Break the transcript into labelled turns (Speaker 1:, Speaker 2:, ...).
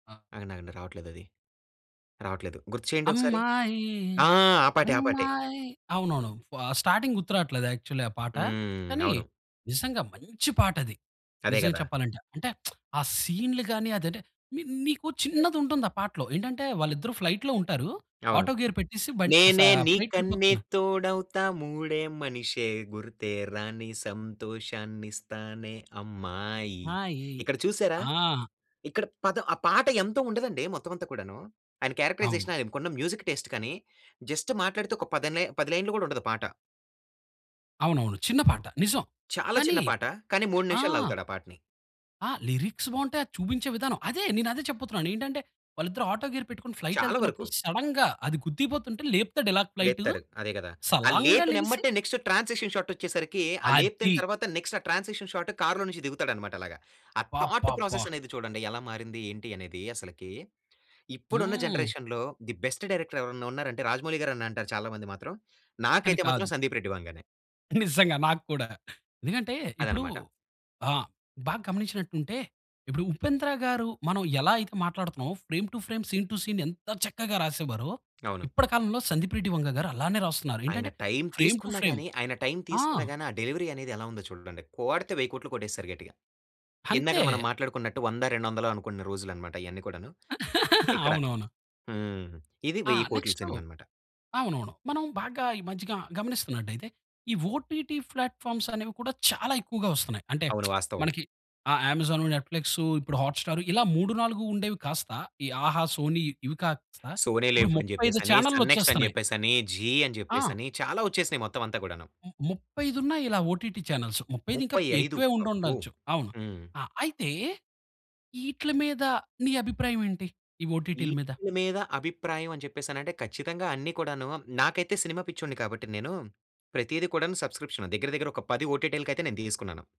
Speaker 1: ఆ!
Speaker 2: ఆగండాగండి, రావట్లేదది. రావట్లేదు. గుర్తు చేయండి ఒకసారి.
Speaker 1: అమ్మాయి,
Speaker 2: ఆ! ఆ పాటే. ఆ పాటే.
Speaker 1: అమ్మాయి. అవునువును. వ స్టార్టింగ్ గుర్తు రావట్లేదు యాక్చువల్ ఆ పాట.
Speaker 2: హ్మ్.
Speaker 1: కానీ
Speaker 2: అవును.
Speaker 1: నిజంగా మంచి పాటది.
Speaker 2: అదే
Speaker 1: నిజంగా
Speaker 2: కదా!
Speaker 1: చెప్పాలంటే. అంటె ఆ సీన్‌లు గాని అది అంటే మీ మీకు చిన్నది ఉంటుంది ఆ పాటలో. ఏంటంటే వాళ్ళిద్దరు ఫ్లైట్‌లో ఉంటారు.
Speaker 2: అవును.
Speaker 1: ఆటో గేర్ పెట్టేసి బన్ సా
Speaker 2: నేనే
Speaker 1: ఫ్లైట్
Speaker 2: నీకన్నీ
Speaker 1: వెళ్ళిపోతున్నారు.
Speaker 2: తోడవుతా మూడే మనిషే గుర్తే రాని సంతోషాన్నిస్తానే అమ్మాయి.
Speaker 1: ఆ! ఈ
Speaker 2: ఇక్కడ చూసారా?
Speaker 1: ఆ!
Speaker 2: ఇక్కడ పదం ఆ పాట ఎంతో ఉండదండి మొత్తం అంతా కూడాను. ఆయన
Speaker 1: అవును.
Speaker 2: క్యారెక్టరైజేషన్ ఆయనకున్న మ్యూజిక్ టేస్ట్ కానీ జస్ట్ మాట్లాడితే ఒక పది లై 10 లైన్‌లు కూడా ఉండదు ఆ పాట.
Speaker 1: అవునవును. చిన్న పాట. నిజం.
Speaker 2: చాలా
Speaker 1: కానీ
Speaker 2: చిన్న పాట. కానీ 3
Speaker 1: ఆ!
Speaker 2: నిమిషాలు లాగుతాడు ఆ పాటని.
Speaker 1: ఆ! లిరిక్స్ బావుంటాయి అది చూపించే విధానం. అదే నేనదే చెప్పబోతున్నాను. ఏంటంటే వాళ్ళిద్దరు ఆటో గేర్ పెట్టుకొని ఫ్లైట్
Speaker 2: చాలా వరకు.
Speaker 1: ఎళ్తున్నప్పుడు సడెన్‌గా అది గుద్దేయపోతుంటే లేపుతాడు ఇలా ఫ్లైటు.
Speaker 2: లేపుతారు. అదే కదా! ఆ
Speaker 1: సలాన్‌గా లేగిసి
Speaker 2: లేపినెంబటే నెక్స్ట్ ట్రాన్సిక్షన్ షాట్ వచ్చేసరికి ఆ లేపిన
Speaker 1: అది.
Speaker 2: తర్వాత నెక్స్ట్ ఆ ట్రాన్సిక్షన్ షాట్ కార్‌లో నుంచి దిగుతాడన్నమాట అలాగా. ఆ థాట్
Speaker 1: అబ్బబ్బబ్బా!
Speaker 2: ప్రాసెస్ అనేది చూడండి ఎలా మారింది? ఏంటి? అనేది అసలకి. ఇప్పుడున్న
Speaker 1: హ్మ్.
Speaker 2: జనరేషన్‌లో ది బెస్ట్ డైరెక్టర్ ఎవరైనా ఉన్నారంటే రాజమౌళి గారు అని అంటారు చాలా మంది మాత్రం.
Speaker 1: కానీ
Speaker 2: నాకైతే మాత్రం
Speaker 1: కాదు.
Speaker 2: సందీప్ రెడ్డి వంగానే.
Speaker 1: నిజంగా. నాకు కూడా. ఎందుకంటే ఇప్పుడు
Speaker 2: అదనమాట.
Speaker 1: ఆహ్, బాగా గమనించినట్టు ఉంటే ఇప్పుడు ఉపేంద్ర గారు మనం ఎలా అయితే మాట్లాడుతున్నామో frame to frame, scene to scene ఎంత చక్కగా రాసేవారో.
Speaker 2: అవును.
Speaker 1: ఇప్పటి కాలంలో సందీప్ రెడ్డి వంగ గారు అలానే రాస్తున్నారు
Speaker 2: ఆయన
Speaker 1: ఏంటంటే
Speaker 2: టైమ్
Speaker 1: ఫ్రేమ్ టూ
Speaker 2: తీసుకున్నా
Speaker 1: ఫ్రేమ్.
Speaker 2: గాని ఆయన టైమ్
Speaker 1: ఆ!
Speaker 2: తీసుకున్నా గాని ఆ డెలివరీ అనేది ఎలా ఉందో చూడండి. కోడితే 10000000000 కొట్టేస్తారు గట్టిగా.
Speaker 1: అంతే.
Speaker 2: ఇందాకడ మనం మాట్లాడుకున్నట్టు వంద, రెండు వందలో అనుకున్న రోజులన్నమాట ఇయన్నీ కూడాను. ఇక్కడ.
Speaker 1: అవునవును.
Speaker 2: హ్మ్. ఇది
Speaker 1: ఆ!
Speaker 2: 10000000000
Speaker 1: నెక్స్ట్
Speaker 2: సినిమా అన్నమాట.
Speaker 1: అవునువును. మనం బాగా ఈ మధ్య గా గమనిస్తున్నట్టయితే ఈ ఓటీటీ ప్లాట్ ఫామ్స్ అనేవి కూడా చాలా ఎక్కువగా వస్తున్నాయి. అంటే
Speaker 2: అవును, వాస్తవం.
Speaker 1: మనకి ఆహ్, అమెజాను, నెట్ ఫ్లిక్సు ఇప్పుడు హాట్ స్టారు ఇలా 3, 4 ఉండేవి కాస్త ఈ ఆహా, సోనీ ఇవి కాస్త
Speaker 2: సోనీ
Speaker 1: ఇప్పుడు
Speaker 2: లివ్ అని
Speaker 1: 35
Speaker 2: చెప్పేసని, సన్ నెక్స్ట్ అని
Speaker 1: చానల్‌ల్లోచ్చేస్తున్నాయి.
Speaker 2: చెప్పేసని, జీ అని
Speaker 1: ఆ!
Speaker 2: చెప్పేసని చాలా వచ్చేసినాయి మొత్తం అంతా కూడాను.
Speaker 1: ము ముప్పై ఐదు ఉనన్నాయిలా ఓటీటీ చానెల్సు. 35 ఇంకా
Speaker 2: 35
Speaker 1: ఎక్కువే ఉండి
Speaker 2: అబ్బో!
Speaker 1: ఉండచ్చు. అవును.
Speaker 2: హ్మ్.
Speaker 1: ఆ! అయితే ఈట్ల మీద ని అభిప్రాయం ఏంటి ఈ ఓటీటీల మీద?
Speaker 2: ఈట్ల మీద అభిప్రాయం అని చెప్పేసనంటే ఖచ్చితంగా అన్ని కూడాను నాకైతే సినిమా పిచ్చోడిని కాబట్టి నేను ప్రతిది కూడాను సబ్స్క్రిప్షన్ దగ్గర దగ్గర ఒక పది ఓటీటీలకైతే నేను తీసుకున్నాను.